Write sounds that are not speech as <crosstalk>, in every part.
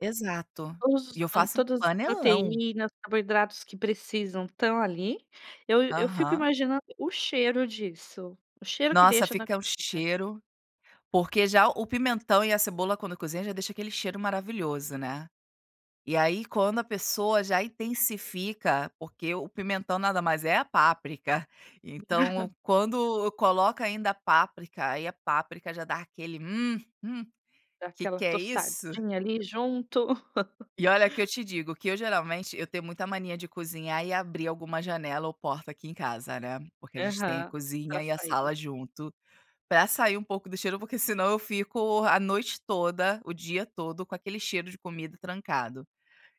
Exato. Todos E os eu faço um todas as panelão. proteínas, carboidratos que precisam estão ali, eu eu fico Aham. imaginando o cheiro disso, o cheiro que Nossa deixa na fica o comida. cheiro, porque já o pimentão e a cebola, quando cozinha já deixa aquele cheiro maravilhoso, né. E aí quando a pessoa já intensifica, porque o pimentão nada mais é a páprica, então <chuckles> quando coloca ainda a páprica, aí a páprica já dá aquele, hum hum, Dá que aquela que é isso! tostadinha ali junto. E olha que eu te <laughs> digo que eu geralmente, eu tenho muita mania de cozinhar e abrir alguma janela ou porta aqui em casa, né, porque a gente tem a Aham, para cozinha e a sair. sala junto, para sair um pouco do cheiro, porque senão eu fico a noite toda, o dia todo com aquele cheiro de comida trancado.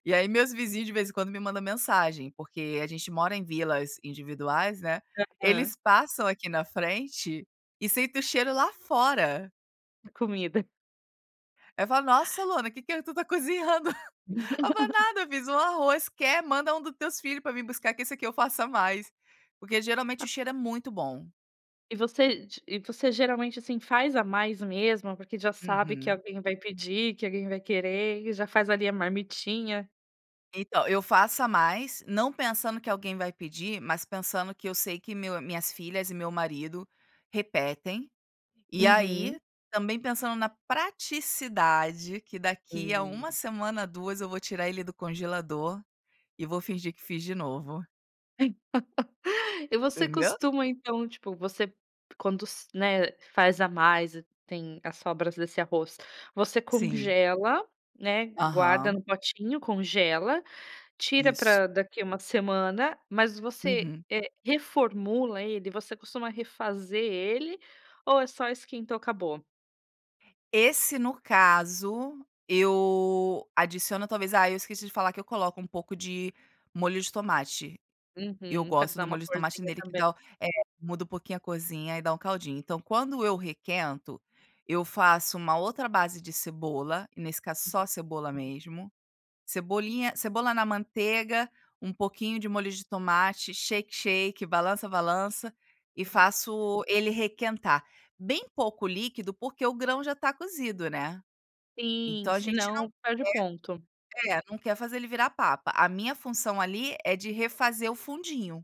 E aí, meus vizinhos de vez em quando, me mandam mensagem, porque a gente mora em vilas individuais, né, Aham. eles passam aqui na frente, e sentem o cheiro lá fora. É comida. Aí falam: "Nossa Luana, que que tu está cozinhando?" <chuckles> Ai eu falo: <laughs> "Nada, fiz um arroz, quer? Manda um do teus filho para vim buscar que esse aqui eu faço a mais". Porque, geralmente, o Ah. cheiro é muito bom. E você d e você geralmente, assim, faz a mais mesmo, porque já sabe que Uhum. alguém vai pedir, que alguém vai querer, e já faz ali a marmitinha? Então eu faço a mais, não pensando que alguém vai pedir, mas pensando que eu sei que meu minhas filhas e meu marido repetem, e Uhum. aí também pensando na praticidade que daqui a 1 Hum. semana ou 2 eu vou tirar ele do congelador, e vou fingir que fiz de novo. <laughs> E você Entendeu? costuma então, tipo, você quando s né, faz a mais, tem as sobras desse arroz, você Sim. congela, né, guarda Aham. no potinho, congela, tira Isso. pra daqui uma semana, mas você, Uhum. eh, reformula ele? Você costuma refazer ele, ou é só esquentou, acabou? Esse no caso eu adiciono talvez ah, eu esqueci de falar que eu coloco um pouco de molho de tomate, eu Uhum, para gosto dar do uma molho de tomate corzinha nele que também. dá o eh, muda um pouquinho a cozinha e dá um caldinho, então quando eu requento, eu faço uma outra base de cebola, e nesse caso só cebola mesmo, cebolinha cebola na manteiga, um pouquinho de molho de tomate, "shake, shake", balança, balança, e <unintelligible> faço ele requentar. Bem pouco líquido, porque o grão já está cozido, né. Sim, Então a se gente não não, perde o ponto. quer, eh, não quer fazer ele virar papa, a minha função ali é de refazer o fundinho.